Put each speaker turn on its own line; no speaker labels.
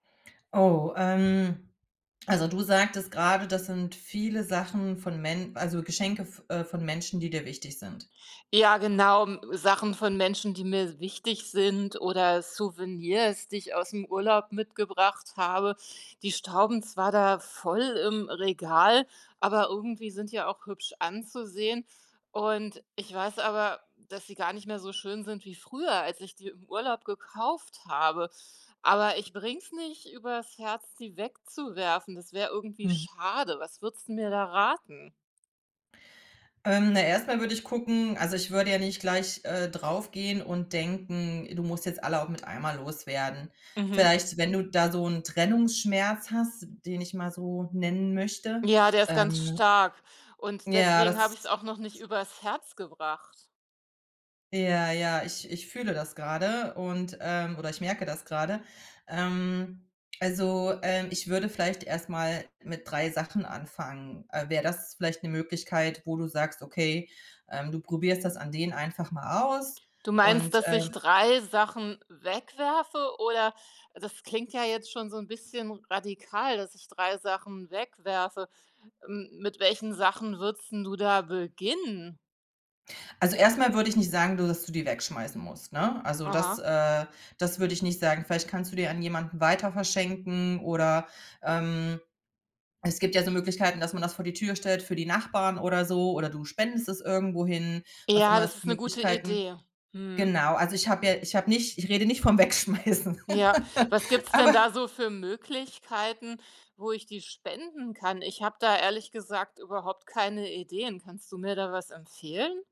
Oh, ähm also, du sagtest grade, das sind viele Sachen von Men also, Geschenke v äh, von Menschen, die dir wichtig sind.
Ja, genau, m Sachen von Menschen, die mir wichtig sind oder Souvenirs, die ich aus'm Urlaub mitgebracht habe. Die stauben zwar da voll im Regal, aber irgendwie sind die ja auch hübsch anzusehen. Und ich weiß aber, dass sie gar nicht mehr so schön sind wie früher, als ich die im Urlaub gekauft habe. Aber ich bringe es nicht über's Herz, die wegzuwerfen, das wäre irgendwie
Mhm.
schade. Was würdest 'n mir da raten?
Ähm, na, erstmal würde ich gucken also, ich würde ja nicht gleich, äh, drauf gehen und denken: „Du musst jetzt alle auch mit einmal loswerden.“
Mhm.
Vielleicht, wenn du da so 'n Trennungsschmerz hast, den ich mal so nennen möchte,
Ja, der ist ganz
ähm
stark und
ja,
deswegen habe
das
ich's auch noch nicht über's Herz gebracht.
Ja, ja. Ich ich fühle das grade und, ähm oder ich merke das grade. Ähm, also, ähm, ich würde vielleicht erst mal mit 3 Sachen anfangen. Äh, wäre das vielleicht 'ne Möglichkeit, wo du sagst: „Okay“, ähm, du probierst das an denen einfach mal aus
Du meinst,
und,
dass ich
ähm
3 Sachen wegwerfe, oder? Das klingt ja jetzt schon so 'n bisschen radikal, dass ich 3 Sachen wegwerfe. M mit welchen Sachen würdest 'n du da beginnen?
Also, erstmal würde ich nicht sagen, du dass du die wegschmeißen musst, ne? Also, das,
Aha.
äh das würde ich nicht sagen. Vielleicht kannst du die an jemanden weiter verschenken oder, ähm, es gibt ja so Möglichkeiten, dass man das vor die Tür stellt für die Nachbarn oder so oder du spendest es irgendwo hin, was
Ja,
immer es
das
für
ist 'ne gute
Möglichkeiten
Idee. Mhm.
genau, also, ich habe ja ich habe nicht ich rede nicht vom Wegschmeißen.
Ja, was gibt’s denn
Aber
da so für Möglichkeiten, wo ich die spenden kann? Ich habe da ehrlich gesagt überhaupt keine Ideen. Kannst du mir da was empfehlen?